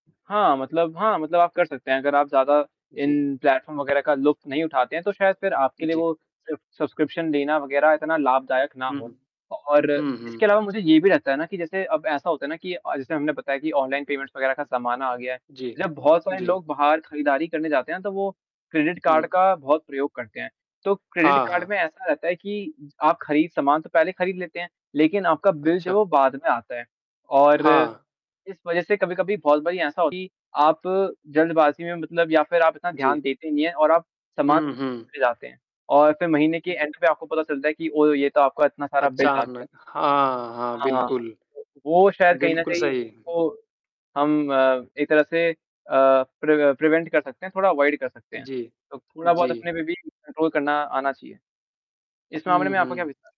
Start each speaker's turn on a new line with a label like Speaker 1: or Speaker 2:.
Speaker 1: हाँ, मतलब हाँ, मतलब आप कर सकते हैं, अगर आप ज़्यादा
Speaker 2: जी।
Speaker 1: इन प्लेटफ़ॉर्म वग़ैरह का लुफ्त नहीं उठाते हैं, तो शायद फिर आपके लिए
Speaker 2: जी।
Speaker 1: वो सिर्फ़ सब्सक्रिप्शन लेना वग़ैरह इतना लाभदायक ना
Speaker 2: हुँ।
Speaker 1: हो और
Speaker 2: हुँ,
Speaker 1: इसके
Speaker 2: हुँ।
Speaker 1: अलावा मुझे ये भी रहता है ना कि जैसे अब ऐसा होता है ना कि अ, जैसे हमने बताया कि ऑनलाइन पेमेंट्स वगैरह का ज़माना आ गया है।
Speaker 2: जी।
Speaker 1: जब बहुत सारे
Speaker 2: जी।
Speaker 1: लोग बाहर खरीदारी करने जाते हैं, तो वो क्रेडिट कार्ड
Speaker 2: हुँ।
Speaker 1: का बहुत प्रयोग करते हैं, तो क्रेडिट
Speaker 2: हाँ,
Speaker 1: कार्ड
Speaker 2: हाँ।
Speaker 1: में ऐसा रहता है कि आप खरीद सामान तो पहले खरीद लेते हैं लेकिन आपका बिल जब
Speaker 2: अच्छा।
Speaker 1: वो बाद में आता है और
Speaker 2: हाँ।
Speaker 1: इस वजह से कभी-कभी बहुत बारी ऐसा होती है कि आप जल्दबाज़ी में मतलब या फिर आप इतना
Speaker 2: जी।
Speaker 1: ध्यान देते नहीं है और आप समान
Speaker 2: हुँ, हुँ।
Speaker 1: जाते हैं और फिर महीने के
Speaker 2: जी।
Speaker 1: एंड पे आपको पता चलता है कि ओ! ये तो आपका इतना सारा बिल आ गया।
Speaker 2: अचानक हाँ, हाँ,
Speaker 1: हाँ।
Speaker 2: बिल्कुल।
Speaker 1: वो शायद कहीं न
Speaker 2: बिल्कुल,
Speaker 1: कहीं
Speaker 2: सही। हुँ।
Speaker 1: वो हम अ, एक तरह से अ, प्रव प्रिवेंट कर सकते हैं, थोड़ा अवॉयड कर सकते हैं,
Speaker 2: जी।
Speaker 1: तो थोड़ा-बहुत
Speaker 2: जी।
Speaker 1: अपने पे भी कंट्रोल करना आना चाहिए। इस मामले
Speaker 2: हुँ,
Speaker 1: में आपका क्या
Speaker 2: हुँ।
Speaker 1: विचार?